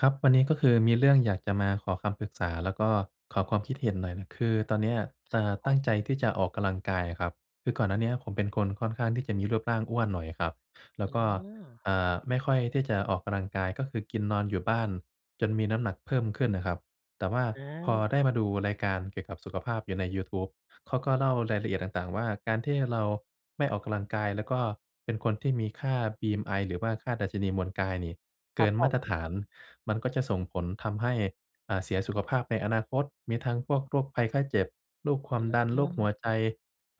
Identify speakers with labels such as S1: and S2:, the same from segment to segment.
S1: ครับ วันนี้ก็คือมีเรื่องอยากจะมาขอคำปรึกษา แล้วก็ขอความคิดเห็นหน่อยนะ คือตอนเนี้ย เอ
S2: คร
S1: ่
S2: ับ
S1: อ
S2: ผ
S1: ตั้งใจ
S2: ม
S1: ที่จะออกกำลังกายอะครับ คือก่อนหน้าเนี้ย ผมเป็นคนค่อนข้างที่จะมีรูปร่างอ้วนหน่อยอะครับ แล
S2: อ
S1: ้วก็
S2: ือ
S1: อ่า ไม่ค่อยที่จะออกกำลังกาย ก็คือกินนอนอยู่บ้าน จนมีน้ำหนักเพิ่มขึ้นน่ะครับ แต่ว่าพอ
S2: อา
S1: ได้มาดูรายการเกี่ยวกับสุขภาพอยู่ในยูทูบ เขาก็เล่ารายละเอียดต่าง ๆ ว่า การที่เราไม่ออกกำลังกาย แล้วก็เป็นคนที่มีค่า BMI หรือว่าค่าดัชนีมวลกายนี่เ
S2: ค
S1: ก
S2: ร
S1: ิ
S2: ับ
S1: น
S2: ผ
S1: มาตร
S2: ม
S1: ฐาน มันก็จะส่งผลทำให้ อ่า เสียสุขภาพในอนาคต มีทั้งพวกโรคภัยไข้เจ็บ โรคความ
S2: อ
S1: ดัน โรคหัวใ
S2: ื
S1: จ
S2: อ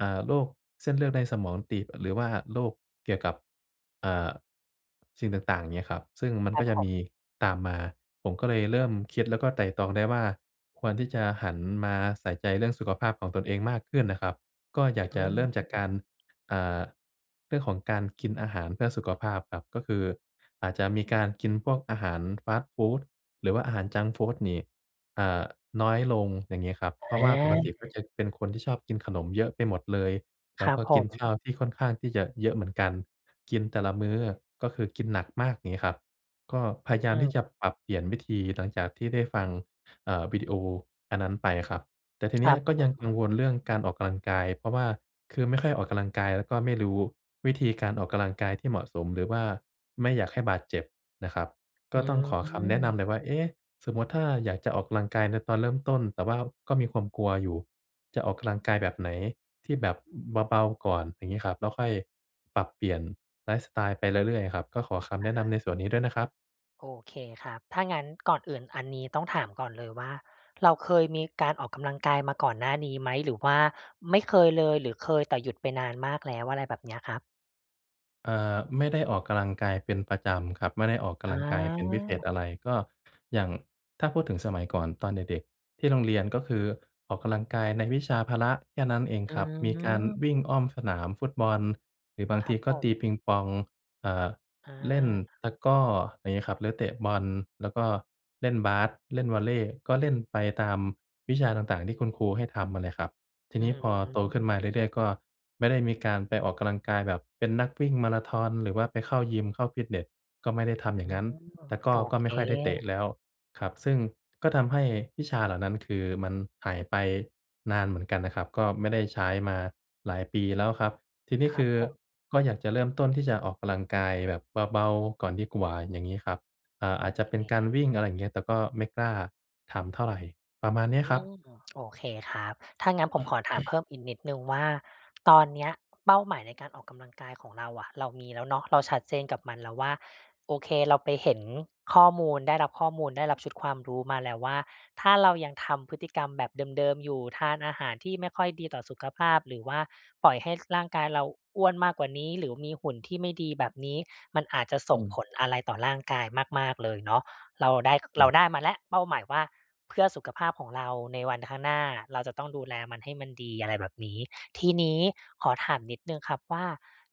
S1: อ่า โรคเส้นเลือดในสมองตีบ หรือว่าโรคเกี่ยวกับ อ่า สิ่งต่าง ๆ อย่างเงี้ยครับ ซึ่งมัน
S2: คร
S1: ก
S2: ั
S1: ็
S2: บ
S1: จะ
S2: ผม
S1: มีตามมา ผมก็เลยเริ่มคิดแล้วก็ไตร่ตรองได้ว่า ควรที่จะหันมาใส่ใจเรื่องสุขภาพของตนเองมากขึ้นน่ะครับ ก็อยาก
S2: อ
S1: จ
S2: ื
S1: ะเริ่มจากกา
S2: ม
S1: ร อ่า เรื่องของการกินอาหารเพื่อสุขภาพครับ ก็คือ อาจจะมีการกินพวกอาหารฟาสต์ฟูด หรือว่าอาหารจังก์ฟูดนี่ อ่า น้อยลง อย่างงี้ครับ เพราะว่าปกติ
S2: อา
S1: ก็จะเป็นคนที่ชอบกินขนมเยอะไปหมดเลย แ
S2: ค
S1: ล้
S2: ร
S1: ว
S2: ั
S1: ก
S2: บ
S1: ็
S2: ผ
S1: กินข้
S2: ม
S1: าวที่ค่อนข้างที่จะเยอะเหมือนกัน กินแต่ละมื้อ ก็คือกินหนักมากอย่างงี้ครับ ก็พ
S2: อ
S1: ยาย
S2: ื
S1: ามที่จ
S2: ม
S1: ะปรับเปลี่ยนวิธีหลังจากที่ได้ฟัง เอ่อ วิดีโออันนั้นไปอะครับ แต่ทีเ
S2: ค
S1: นี
S2: ร
S1: ้
S2: ั
S1: ย
S2: บ
S1: ก
S2: ผ
S1: ็ยังก
S2: ม
S1: ังวลเรื่องการออกกำลังกาย เพราะว่าคือไม่ค่อยออกกำลังกาย แล้วก็ไม่รู้วิธีการออกกำลังกายที่เหมาะสม หรือว่าไม่อยากให้บาดเจ็บนะครับ ก
S2: อื
S1: ็ต้องขอคำแนะน
S2: ม
S1: ำเลยว่า เอ๊ะ สมมุติถ้าอยากจะออกกำลังกายในตอนเริ่มต้น แต่ว่าก็มีความกลัวอยู่ จะออกกำลังกายแบบไหนที่แบบเบา ๆ ก่อน อย่างงี้ครับ แล้วค่อยปรับเปลี่ยนไลฟ์สไตล์ไปเรื่อย ๆ ครับ ก็ขอค
S2: อ
S1: ำแ
S2: ะ
S1: นะ
S2: ฮ
S1: น
S2: ะ
S1: ำในส่วนนี้ด้วยนะครับ
S2: โอเคครับ ถ้างั้นก่อนอื่นอันนี้ต้องถามก่อนเลยว่า เราเคยมีการออกกำลังกายมาก่อนหน้านี้ไหม? หรือว่าไม่เคยเลย หรือเคยแต่หยุดไปนานมากแล้ว อะไรแบบนี้อะครับ?
S1: เอ่อ ไม่ได้ออกกำลังกายเป็นประจำครับ ไม่ได้ออกก
S2: อ
S1: ำลังกายเป็นพิเศษ
S2: า
S1: อะไร ก็อย่าง ถ้าพูดถึงสมัยก่อนตอนเด็ก ๆ ที่โรงเรียน ก็คือออกกำลังกายในวิชาพละ แค่นั้นเอง
S2: อื
S1: ครับ มีการว
S2: ม
S1: ิ่งอ้อมสนามฟุตบอล หรือบาง
S2: คร
S1: ท
S2: ั
S1: ี
S2: บ
S1: ก็
S2: ผ
S1: ต
S2: ม
S1: ีปิงปอง เอ่อ
S2: อ
S1: เล่น
S2: า
S1: ตะกร้อ อะไรเงี้ยครับ หรือเตะบอล แล้วก็เล่นบาส เล่นวอลเลย์ ก็เล่นไปตามวิชาต่าง ๆ ที่คุณครูให้ทำอะแหละครับ ที
S2: อื
S1: นี้พอโตขึ้
S2: ม
S1: นมาเรื่อย ๆ ก็ไม่ได้มีการไปออกกำลังกาย แบบเป็นนักวิ่งมาราธอน หรือว่าไปเข้ายิม เข้าฟิตเนส ก็ไม่ได้ทำอย่
S2: อ
S1: า
S2: ๋
S1: ง
S2: อ
S1: งั้น ตะกร้อ
S2: โอ
S1: ก็
S2: เ
S1: ไม่ค่อยได้เต
S2: ค
S1: ะแล้วครับ ซึ่งก็ทำให้วิชาเหล่านั้น คือมันหายไปนานเหมือนกันนะครับ ก็ไม่ได้ใช้มาหลายปีแล้วครับ ทีนี
S2: ค
S1: ้
S2: ร
S1: ค
S2: ั
S1: ื
S2: บ
S1: อ
S2: ผม
S1: ก็อยากจะเริ่มต้นที่จะออกกำลังกายแบบเบา ๆ ก่อนดีกว่า อย่างงี้ครับ อ่า
S2: โอ
S1: อาจจะ
S2: เ
S1: เป็นการว
S2: ค
S1: ิ่ง อะไรอย่างเงี้ย แต่ก็ไม่กล้าทำเท่าไร ประมาณเนี้
S2: อ
S1: ยคร
S2: ื
S1: ับ
S2: ม โอเคครับ ถ้างั้นผมขอถามเพิ่มอีกนิดหนึ่งว่า ตอนนี้อะเป้าหมายในการออกกำลังกายของเราอะ เรามีแล้วเนาะ เราชัดเจนกับมันแล้วว่า โอเค เราไปเห็นข้อมูล ได้รับข้อมูล ได้รับชุดความรู้มาแล้วว่า ถ้าเรายังทำพฤติกรรมแบบเดิม ๆ อยู่ ทานอาหารที่ไม่ค่อยดีต่อสุขภาพ หรือว่าปล่อยให้ ส ร่างกายเราอ้วนมากกว่านี้ หรือว่ามีหุ่นที่ไม่ดีแบบนี้ มันอาจจะส
S1: อื
S2: ่ง
S1: ม
S2: ผลอะไรต่อร่างกายมาก ๆ เลยเนาะ เราได้
S1: อื
S2: เรา
S1: ม
S2: ได้มาแล้ว เป้าหมายว่า เพื่อสุขภาพของเราในวันข้างหน้า เราจะต้องดูแลมันให้มันดี อะไรแบบนี้ ทีนี้ขอถามนิดหนึ่งครับว่า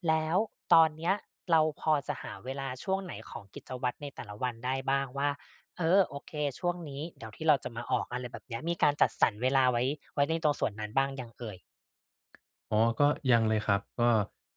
S2: แล้วตอนเนี้ย เราพอจะหาเวลาช่วงไหนของกิจวัตรในแต่ละวันได้บ้างว่า เออ โอเค ช่วงนี้เดี๋ยว ที่เราจะมาออก อะไรแบบเนี้ย มีการจัดสรรเวลา ไว้ ไว้ในตรงส่วนนั้นบ้างยังเอ่ย?
S1: อ๋อ ก็ยังเลยครับ ก็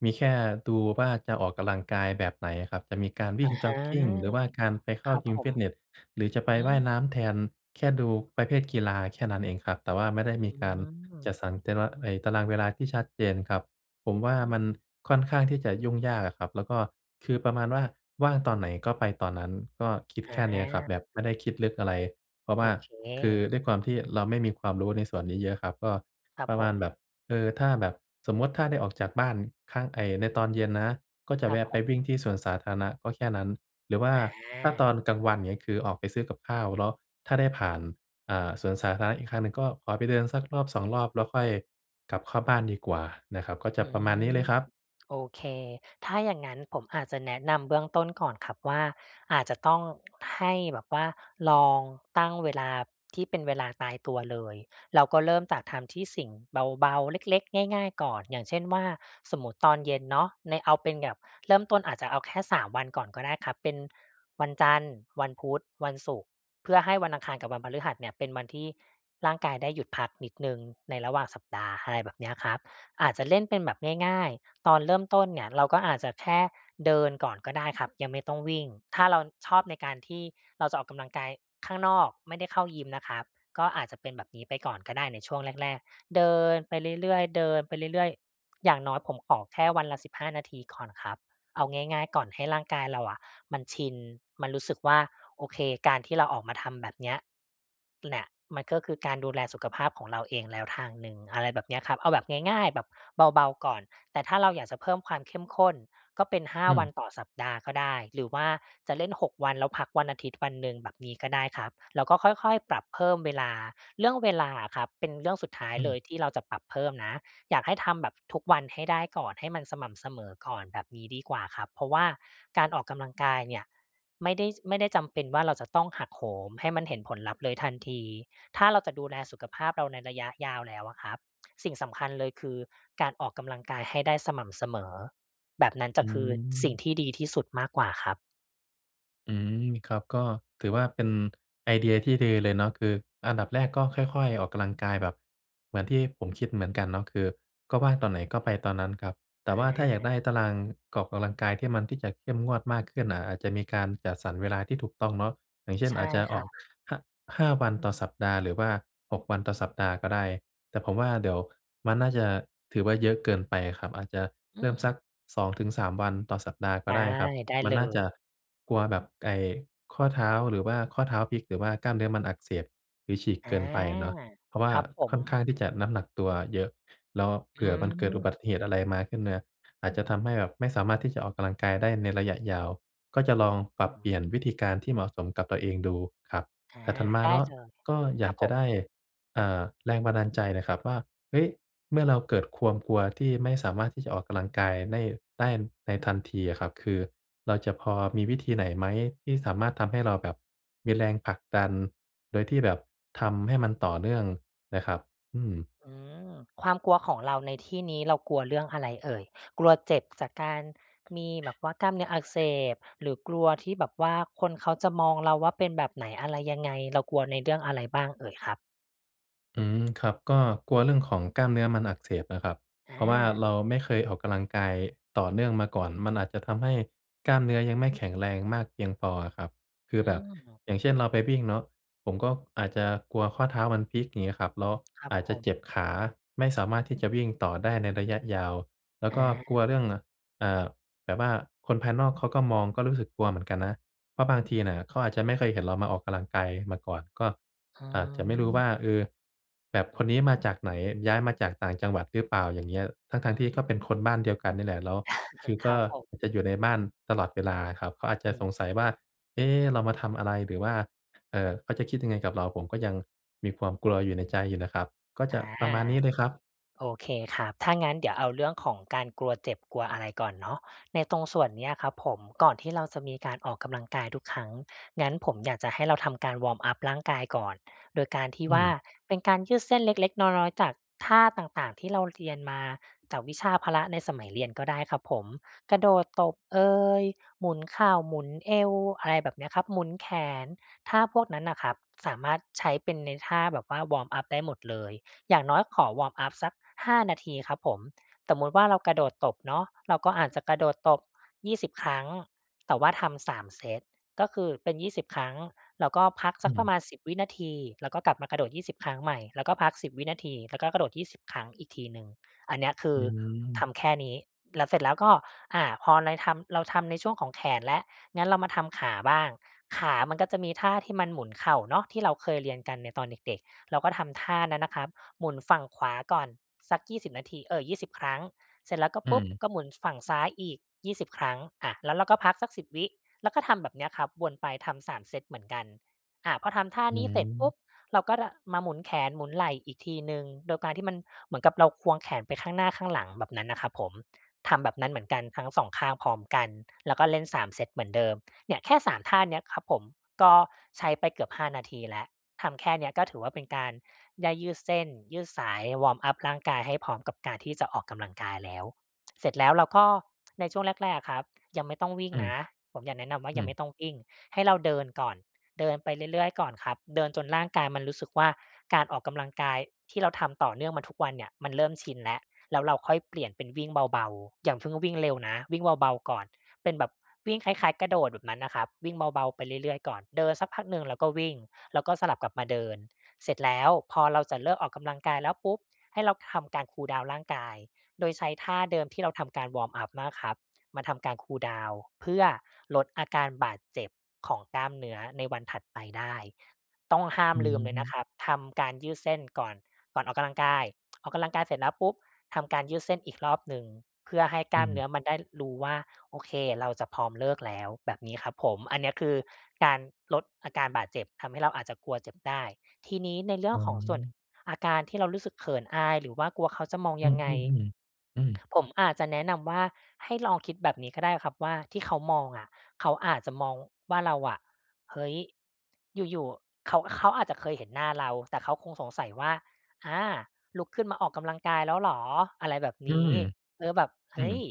S1: มีแค่ดูว่าจะออกกำลังกายแบบไหนครับ จะมีการว
S2: อ
S1: ิ
S2: ะ
S1: ่งจ
S2: ฮ
S1: ็
S2: ะ
S1: อกกิง หรือว่าการไปเข
S2: ค
S1: ้า
S2: รับ
S1: ยิ
S2: ผ
S1: ม ฟ
S2: ม
S1: ิตเนส หรือจะไป
S2: อื
S1: ว่าย
S2: ม
S1: น้ำแทน แค่ดูประเภทกีฬาแค่นั้นเองครับ แต่ว่าไม่ได้
S2: อ
S1: มี
S2: ื
S1: การจ
S2: ม
S1: ัดสรรแต่ละ เอ๊ย ตารางเวลาที่ชัดเจนครับ ผมว
S2: อ
S1: ่า มัน
S2: ืม
S1: ค่อนข้างที่จะยุ่งยากอะครับ แล้วก็คือประมาณว่า ว่างตอนไหนก็ไปตอนนั้น ก็คิดแค่เนี้ยครับ แบ
S2: อ
S1: บ
S2: า
S1: ไม่ได้คิดลึกอะไร เพราะว
S2: โอ
S1: ่า
S2: เ
S1: คือ
S2: ค
S1: ด้วยความที่เราไม่มีความรู้ในส่วนนี้เยอะครับ ก็
S2: ครั
S1: ป
S2: บ
S1: ระ
S2: ผ
S1: มาณแบ
S2: ม
S1: บ เอ่อ ถ้าแบบสมมุติ ถ้าได้ออกจากบ้านข้างไอ้ ในตอนเย็นนะ ก็จะ
S2: คร
S1: แ
S2: ั
S1: ว
S2: บ
S1: ะ
S2: ผ
S1: ไปวิ่
S2: ม
S1: งที่สวนสาธารณะก็แค่นั้น หรือว่า
S2: อ
S1: ถ้าต
S2: า
S1: อนกลางวันเงี้ย คือออกไปซื้อกับข้าว เลาะถ้าได้ผ่าน อ่า สวนสาธารณะอีกครั้งหนึ่ง ก็ขอไปเดินสัก 1-2 รอบ แล้วค่อยกลับเข้าบ้านดีกว่านะครับ ก็จ
S2: อ
S1: ะ
S2: ื
S1: ประมาณนี้
S2: ม
S1: เลยครับ
S2: โอเค ถ้าอย่างงั้นผมอาจจะแนะนำเบื้องต้นก่อนครับว่า อาจจะต้องให้แบบว่า ลองตั้งเวลาที่เป็นเวลาตายตัวเลย เราก็เริ่มจากทำที่สิ่งเบา ๆ เล็ก ๆ ง่าย ๆ ก่อน อย่างเช่นว่า สมมุติตอนเย็นเนาะ ในเอาเป็นแบบเริ่มต้นอาจจะเอาแค่ 3 วันก่อนก็ได้ครับ เป็นวันจันทร์ วันพุธ วันศุกร์ เพื่อให้วันอังคารกับวันพฤหัสเนี่ย เป็นวันที่ร่างกายได้หยุดพักนิดหนึ่ง ในระหว่างสัปดาห์ อะไรแบบเนี้ยครับ อาจจะเล่นเป็นแบบง่าย ๆ ตอนเริ่มต้นเนี่ยเราก็อาจจะแค่เดินก่อนก็ได้ครับ ยังไม่ต้องวิ่ง ถ้าเราชอบในการที่เราจะออกกำลังกายข้างนอก ไม่ได้เข้ายิมนะครับ ก็อาจจะเป็นแบบนี้ไปก่อนก็ได้ในช่วงแรก ๆ เดินไปเรื่อย ๆ เดินไปเรื่อย ๆ อย่างน้อยผมออกแค่วันละ 15 นาทีก่อนครับ เอาง่าย ๆ ก่อนให้ร่างกายเราอะมันชิน มันรู้สึกว่า โอเค การที่เราออกมาทำแบบเนี้ยเนี่ย มันก็คือการดูแลสุขภาพของเราเองแล้วทางหนึ่ง อะไรแบบเนี้ยครับ เอาแบบง่าย ๆ แบบเบา ๆ ก่อน แต่ถ้าเราอยากจะเพิ่มความเข้มข้น ก็เป็น 5
S1: อื
S2: วั
S1: ม
S2: นต่อสัปดาห์ก็ได้ หรือว่าจะเล่น 6 วัน แล้วพักวันอาทิตย์ วันหนึ่ง แบบนี้ก็ได้ครับ เราก็ค่อย ๆ ปรับเพิ่มเวลา เรื่องเวลาอะครับ เป็นเรื่องสุดท้าย
S1: อื
S2: เลย
S1: ม
S2: ที่เราจะปรับเพิ่มนะ อยากให้ทำแบบทุกวันให้ได้ก่อน ให้มันสม่ำเสมอก่อน แบบนี้ดีกว่าครับ เพราะว่าการออกกำลังกายเนี่ย ไม่ได้ ไม่ได้จำเป็นว่า เราจะต้องหักโหม ให้มันเห็นผลลัพธ์เลยทันที ถ้าเราจะดูแลสุขภาพเราในระยะยาวแล้วอะครับ สิ่งสำคัญเลยคือ การออกกำลังกายให้ได้สม่ำเสมอ แบบนั้นจ
S1: อ
S2: ะ
S1: ื
S2: คือ สิ่ง
S1: ม
S2: ที่ดีที่สุดมากกว่าครับ
S1: อืม ครับ ก็ถือว่าเป็นไอเดียที่ดือเลยเนาะ คืออันดับแรกก็ค่อย ๆ ออกกำลังกายแบบ เหมือนที่ผมคิดเหมือนกันเนาะ คือก็ว่างตอนไหนก็ไปตอนนั้นครับ แต่ว่าถ้าอยาก
S2: อา
S1: ได้ตารางออกกำลังกาย ที่มัน ที่จะเข้มงวดมากขึ้นน่ะ อาจจะมีการจัดสรรเวลาที่ถูกต้องเนาะ อย่างเช่น
S2: ใช่
S1: อาจจะ
S2: ค
S1: ออ
S2: ่
S1: ก
S2: ะ
S1: หะ ห้าวันต่อสัปดาห์ หรือว่า 6 วันต่อสัปดาห์ก็ได้ แต่ผมว่าเดี๋ยวมันน่าจะถือว่าเยอะเกินไปอะครับ อาจจะ
S2: อ
S1: เร
S2: ื
S1: ิ่มส
S2: ม
S1: ัก 2-3 วันต่อสัปดาห์ก
S2: ไ
S1: ็
S2: ด้
S1: ได้ครับ
S2: ได้
S1: มัน
S2: เล
S1: น่าจะ
S2: ย
S1: กลัวแบบไอ่ข้อเท้า หรือว่าข้อเท้าพลิก หรือว่ากล้ามเนื้อมันอักเสบ หรือฉีก
S2: อ
S1: เ
S2: า
S1: กินไปเนาะ เพราะว่า
S2: ครับผ
S1: ค่อนข้
S2: ม
S1: างที่จะน้ำหนักตัวเยอะ แล้วเผ
S2: อ
S1: ื
S2: ื
S1: ่อมันเกิดอุบ
S2: ม
S1: ัติเหตุอะไรมาขึ้นมา อาจจะทำให้แบบไม่สามารถที่จะออกกำลังกายได้ในระยะยาว ก็จะลองป
S2: ผ
S1: รับเปล
S2: ม
S1: ี่ยนวิธีการ ที่เหมาะสมกับตัวเองดูครับ
S2: อา
S1: แต่ถัดมา
S2: ได
S1: เ
S2: ้
S1: นาะ
S2: เลย
S1: ก็อย
S2: คร
S1: า
S2: ั
S1: ก
S2: บ
S1: จ
S2: ผ
S1: ะไ
S2: ม
S1: ด้ อ่า แรงบันดาลใจหน่อยครับว่า เฮ้ย เมื่อเราเกิดความ กลัวที่ไม่สามารถที่จะออกกำลังกายได้ ได้ในทันทีอะครับ คือเราจะพอมีวิธีไหนไหม ที่สามารถทำให้เราแบบมีแรงผลักดัน โดยที่แบบทำให้มันต่อเนื่องน่ะครับ? อืม
S2: อืม ความกลัวของเราในที่นี้เรากลัวเรื่องอะไรเอ่ย? กลัวเจ็บจากการ มีแบบว่ากล้ามเนื้ออักเสบ หรือกลัวที่แบบว่าคนเขาจะมองเราว่าเป็นแบบไหนอะไรยังไง? เรากลัวใน เรื่องอะไรบ้างเอ่ยครับ?
S1: อืม ครับ ก็กลัวเรื่องของกล้ามเนื้อมันอักเสบนะครับ
S2: อ
S1: เพราะว่า
S2: า
S1: เราไม่เคยออกกำลังกายต่อเนื่องมาก่อน มันอาจจะทำให้กล้ามเนื้อยังไม่แข็งแรงมากเพียงพออะครับ คื
S2: อื
S1: อแบบ
S2: ม
S1: อย่างเช่น เราไปวิ่งเนาะ ผมก็อาจจะกลัวข้อเท้ามันพลิก อย่างงี้ครับ แล้ว
S2: ครับ
S1: อาจ
S2: ผ
S1: จะเจ็
S2: ม
S1: บขา ไม่สามารถที่จะวิ่งต่อได้ในระยะยาว แล้ว
S2: อ
S1: ก็กลัวเรื
S2: า
S1: ่อง อ่า แบบว่าคนภายนอก เขาก็มอง ก็รู้สึกกลัวเหมือนกันนะ เพราะบางทีน่ะเขาอาจจะไม่เคยเห็นเรามาออกกำลังกายมาก่อน ก็
S2: อื
S1: อาจจะไม่รู้ว
S2: ม
S1: ่า เออ แบบคนนี้มาจากไหน? ย้ายมาจากต่างจังหวัดหรือเปล่า? อย่างเงี้ย ทั
S2: อ
S1: ้
S2: ื
S1: ง ๆ ที่ก็เป็น
S2: ม
S1: คนบ้านเดียวกันนี่แหละ แล้วคือ
S2: ค
S1: ก
S2: รั
S1: ็
S2: บผม
S1: จะอยู่ในบ้านตลอดเวลาครับ เขาอาจจ
S2: อ
S1: ะ
S2: ื
S1: ส
S2: ม
S1: งสัยว่า เอ๊ เรามาทำอะไร? หรือว่า เอ่อ เขาจะคิดยังไงกับเรา ผมก็ยังมีความกลัวอยู่ในใจอยู่นะครับ ก็
S2: อ
S1: จะ
S2: า
S1: ประมาณนี้เลยครับ
S2: โอเคครับ ถ้างั้นเดี๋ยวเอาเรื่องของการกลัวเจ็บ กลัวอะไรก่อนเนาะ ในตรงส่วนเนี้ยครับผม ก่อนที่เราจะมีการออกกำลังกายทุกครั้ง งั้นผมอยากจะให้เราทำการวอร์มอัปร่างกายก่อน โดยการที่
S1: อื
S2: ว่า
S1: ม
S2: เป็นการยืดเส้นเล็ก ๆ น้อย ๆ จากท่าต่าง ๆ ที่เราเรียนมาจากวิชาพละในสมัยเรียนก็ได้ครับผม กระโดดตบเอย หมุนเข่า หมุนเอว อะไรแบบเนี้ยครับ หมุนแขน ท่าพวกนั้นน่ะครับ สามารถใช้เป็นในท่าแบบว่า วอร์มอัปได้หมดเลย อย่างน้อยขอวอร์มอัปสัก 5 นาทีครับผม สมมุติว่าเรากระโดดตบเนาะ เราก็อาจจะกระโดดตบ 20 ครั้ง แต่ว่าทำ 3 เซต ก็คือเป็น 20 ครั้ง แล้วก็พัก
S1: อ
S2: ส
S1: ื
S2: ักประ
S1: ม
S2: มาณ 10 วินาที แล้วก็กลับมากระโดด 20 ครั้งใหม่ แล้วก็พัก 10 วินาที แล้วก็กระโดด 20 ครั้งอีกทีหนึ่ง อันเนี้ยคื
S1: อื
S2: อท
S1: ม
S2: ำแค่นี้ แล้วเสร็จแล้วก็ อ่า พอในทำ เราทำในช่วงของแขนแล้ว งั้นเรามาทำขาบ้าง ขามันก็จะมีท่าที่มันหมุนเข่าเนาะ ที่เราเคยเรียนกันในตอนเด็ก ๆ เราก็ทำท่านั้นน่ะครับ หมุนฝั่งขวาก่อนสัก 20 นาที เอ่อ 20 ครั้ง เสร็จแล้วก็
S1: อื
S2: ปุ๊บ
S1: ม
S2: ก็หมุนฝั่งซ้ายอีก 20 ครั้ง อะ แล้วเราก็พักสัก 10 วิ แล้วก็ทำแบบเนี้ยครับ วนไปทำ 3 เซตเหมือนกัน อะ พอทำท่า
S1: อื
S2: นี้เสร็จปุ๊
S1: ม
S2: บ เราก็ล่ะ มาหมุนแขน หมุนไหล่อีกทีหนึ่ง โดยการที่มันเหมือนกับเราควงแขน ไปข้างหน้าข้างหลังแบบนั้นน่ะครับผม ทำแบบนั้นเหมือนกันทั้ง 2 ข้างพร้อมกัน แล้วก็เล่น 3 เซตเหมือนเดิม เนี่ยแค่ 3 ท่าเนี้ยครับ ผมก็ใช้ไปเกือบ 5 นาทีแล้ว ทำแค่เนี้ยก็ถือว่า เป็นการได้ยืดเส้น ยืดสาย วอร์มอัปร่างกาย ให้พร้อมกับการที่จะออกกำลังกายแล้ว เสร็จแล้วเราก็ ในช่วงแรก ๆ อะครับยังไม่ต้องวิ่ง
S1: อืม
S2: นะ ผมอยากแนะนำว่า
S1: อื
S2: ยังไม่
S1: ม
S2: ต้องวิ่ง ให้เราเดินก่อน เดินไปเรื่อย ๆ ก่อนครับ เดินจนร่างกายมันรู้สึกว่า การออกกำลังกายที่เราทำต่อเนื่องมาทุกวันเนี่ย มันเริ่มชินแล้ว แล้วเราค่อยเปลี่ยนเป็นวิ่งเบา ๆ อย่างเพิ่งวิ่งเร็วนะ วิ่งเบา ๆ ก่อน เป็นแบบวิ่งคล้าย ๆ กระโดดแบบนั้นน่ะครับ วิ่งเบา ๆ ไปเรื่อย ๆ ก่อน เดินสักพักหนึ่งแล้วก็วิ่ง แล้วก็สลับกลับมาเดิน เสร็จแล้วพอเราจะเลิกออกกำลังกายแล้วปุ๊บ ให้เราทำการคูลดาวน์ร่างกาย โดยใช้ท่าเดิมที่เราทำการวอร์มอัปมากครับ มาทำการคูลดาวน์เพื่อลดอาการบาดเจ็บของกล้ามเนื้อในวันถัดไปได้ ต้องห้า
S1: อ
S2: ม
S1: ื
S2: ลืมเลยนะ
S1: ม
S2: ครับ ทำการยืดเส้นก่อน ก่อนออกกำลังกาย ออกกำลังกายเสร็จแล้วปุ๊บ ทำการยืดเส้นอีกรอบหนึ่ง เพื่อให้ก
S1: อื
S2: ล้ามเ
S1: ม
S2: นื้อมันได้ ร รู้ว่า โอเคเราจะพร้อมเลิกแล้ว แบบนี้ครับผม อันเนี้ยคือการลดอาการบาดเจ็บ ทำให้เราอาจจะกลัวเจ็บได้ ทีนี้ในเรื่
S1: อ
S2: อ
S1: ๋
S2: ง
S1: อ
S2: ของส่วนอาการที่เรารู้สึกเขินอาย หรือว่ากลัวเขาจะมอง
S1: อ
S2: ย
S1: ื
S2: ั
S1: อ
S2: งไง
S1: ๆ ๆ อือ
S2: ผมอาจจะแนะนำว่า ให้ลองคิดแบบนี้ก็ได้ครับว่า ที่เขามองอะ เขาอาจจะมองว่าเราอะ เฮ้ย อยู่ ๆ เขา เขาอาจจะเคยเห็นหน้าเรา แต่เขาคงสงสัยว่า อา ลุกขึ้นมาออกกำลังกายแล้วเหรอ? อะไรแบบ
S1: อื
S2: นี
S1: ม
S2: ้ เออ แบบ เ
S1: อ
S2: ฮ
S1: ื
S2: ้ย
S1: ม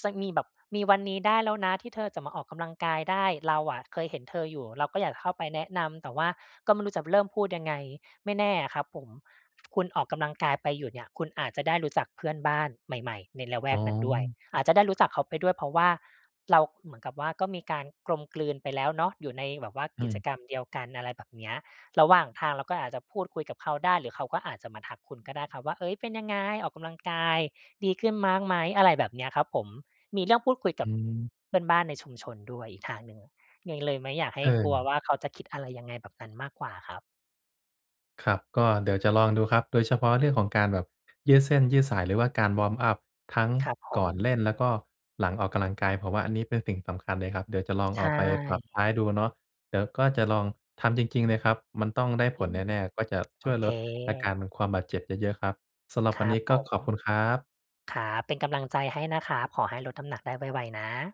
S2: ส สักมีแบบ มีวันนี้ได้แล้วนะ ที่เธอจะมาออกกำลังกายได้ เราอะเคยเห็นเธออยู่ เราก็อยากจะเข้าไปแนะนำ แต่ว่าก็ไม่รู้จะเริ่มพูดยังไง? ไม่แน่อะครับผม คุณออกกำลังกายไปอยู่เนี่ย คุณอาจจะได้รู้จักเพื่อนบ้านใหม่ ๆ ในละแว
S1: อ๋
S2: กนั้นด้วย
S1: อ
S2: อาจจะได้รู้จักเขาไปด้วย เพราะว่าเรา เหมือนกับว่า ก็มีการกลมกลืนไปแล้วเนาะ อยู่ในแบบว่า
S1: อื
S2: กิจ
S1: ม
S2: กรรมเดียวกัน อะไรแบบเนี้ย ระหว่างทางเราก็อาจจะพูดคุยกับเขาได้ หรือเขาก็อาจจะมาทักคุณก็ได้ครับว่า เฮ้ย เป็นยังไง? ออกกำลังกายดีขึ้นมากไหม? อะไรแบบเนี้ยครับผม มีเรื่องพูดคุยก
S1: อ
S2: ับ
S1: ืม
S2: เพื่อนบ้านในชุมชนด้วยอีกทางหนึ่งไง เลยไม่อยากให
S1: เ
S2: ้กลัวว
S1: ออ
S2: ่า เขาจะคิดอะไรยังไงแบบนั้นมากกว่าครับ
S1: ครับ ก็เดี๋ยวจะลองดูครับ โดยเฉพาะเรื่องของการแบบยืดเส้นยืดสาย หรือว่าการวอร์มอัปทั้ง
S2: ครับผ
S1: ก่อน
S2: ม
S1: เล่น แล้วก็หลังออกกำลังกาย เพราะว่าอันนี้เป็นสิ่งสำคัญเลยครับ เดี๋ยวจะลอง
S2: ใช
S1: เอาไปปรั
S2: ่
S1: บใช้ดูเนาะ เดี๋ยวก็จะลองทำจริง ๆ เลยครับ มันต้องได้ผ
S2: อื
S1: ล
S2: ม
S1: แน่ ๆ ก็จะ
S2: โ
S1: ช
S2: อ
S1: ่วย
S2: เค
S1: ลดอาการความบาดเจ็บได้เยอะครับ สำหรับ
S2: ค
S1: ว
S2: ร
S1: ัน
S2: ั
S1: นี
S2: บ
S1: ้
S2: ผ
S1: ก็ขอ
S2: ม
S1: บคุณครับ
S2: ครับ เป็นกำลังใจให้นะครับ ขอให้ลดน้ำหนักได้ไว ๆ นะ